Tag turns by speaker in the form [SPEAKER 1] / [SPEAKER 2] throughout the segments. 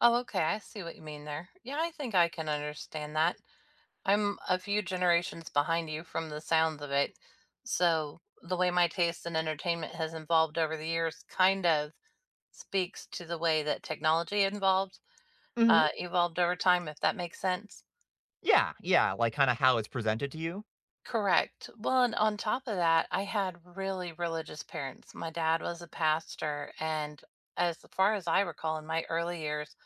[SPEAKER 1] Oh, okay, I see what you mean there. Yeah, I think I can understand that. I'm a few generations behind you from the sounds of it, so the way my taste in entertainment has involved over the years kind of speaks to the way that technology involved,
[SPEAKER 2] Mhm.
[SPEAKER 1] uh evolved over time, if that makes sense.
[SPEAKER 2] Yeah, yeah, like, kinda how it's presented to you.
[SPEAKER 1] Correct, well, and on top of that, I had really religious parents. My dad was a pastor, and as far as I recall in my early years,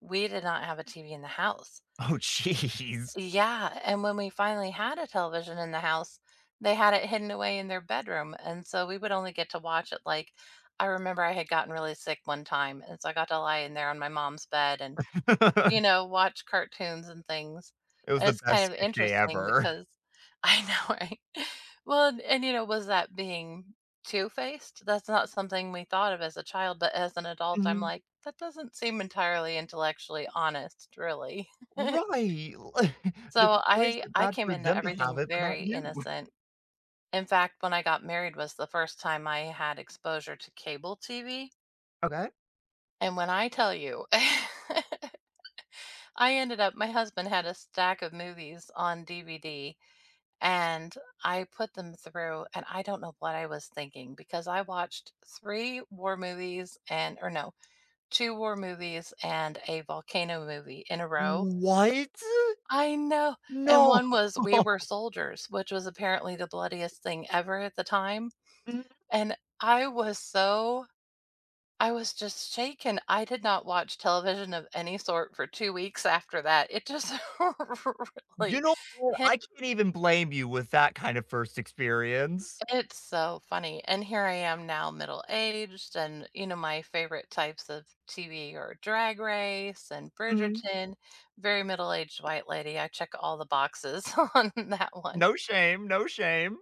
[SPEAKER 1] we did not have a TV in the house.
[SPEAKER 2] Oh, jeez.
[SPEAKER 1] Yeah, and when we finally had a television in the house, they had it hidden away in their bedroom, and so we would only get to watch it, like I remember I had gotten really sick one time, and so I got to lie in there on my mom's bed and, you know, watch cartoons and things,
[SPEAKER 2] It was
[SPEAKER 1] and
[SPEAKER 2] the
[SPEAKER 1] it's kind
[SPEAKER 2] best
[SPEAKER 1] of
[SPEAKER 2] sick day
[SPEAKER 1] interesting
[SPEAKER 2] ever.
[SPEAKER 1] because I know, right? Well, and and, you know, was that being two-faced? That's not something we thought of as a child, but as an adult, I'm
[SPEAKER 2] Mhm.
[SPEAKER 1] like, "That doesn't seem entirely intellectually honest, really."
[SPEAKER 2] Right, li d
[SPEAKER 1] So,
[SPEAKER 2] why is
[SPEAKER 1] I
[SPEAKER 2] it
[SPEAKER 1] I
[SPEAKER 2] bad
[SPEAKER 1] came
[SPEAKER 2] for
[SPEAKER 1] into
[SPEAKER 2] them to have
[SPEAKER 1] everything
[SPEAKER 2] it, but not
[SPEAKER 1] very
[SPEAKER 2] you?
[SPEAKER 1] innocent. In fact, when I got married was the first time I had exposure to cable TV
[SPEAKER 2] Okay?
[SPEAKER 1] and when I tell you, I ended up my husband had a stack of movies on DVD, and I put them through, and I don't know what I was thinking because I watched 3 war movies and or no, 2 war movies, and a volcano movie in a row.
[SPEAKER 2] What?!
[SPEAKER 1] I know, and
[SPEAKER 2] No.
[SPEAKER 1] one was We Were Soldiers, which was apparently the bloodiest thing ever at the time,
[SPEAKER 2] Mm.
[SPEAKER 1] and I was so I was just shaken. I did not watch television of any sort for 2 weeks after that, it just
[SPEAKER 2] You
[SPEAKER 1] really
[SPEAKER 2] know what?
[SPEAKER 1] hi
[SPEAKER 2] I can't even blame you with that kind of 1st experience.
[SPEAKER 1] It's so funny, and here I am now, middle-aged, and, you know, my favorite types of TV are Drag Race and
[SPEAKER 2] Mhm.
[SPEAKER 1] Bridgerton. Very middle-aged white lady, I check all the boxes on that one.
[SPEAKER 2] No shame, no shame.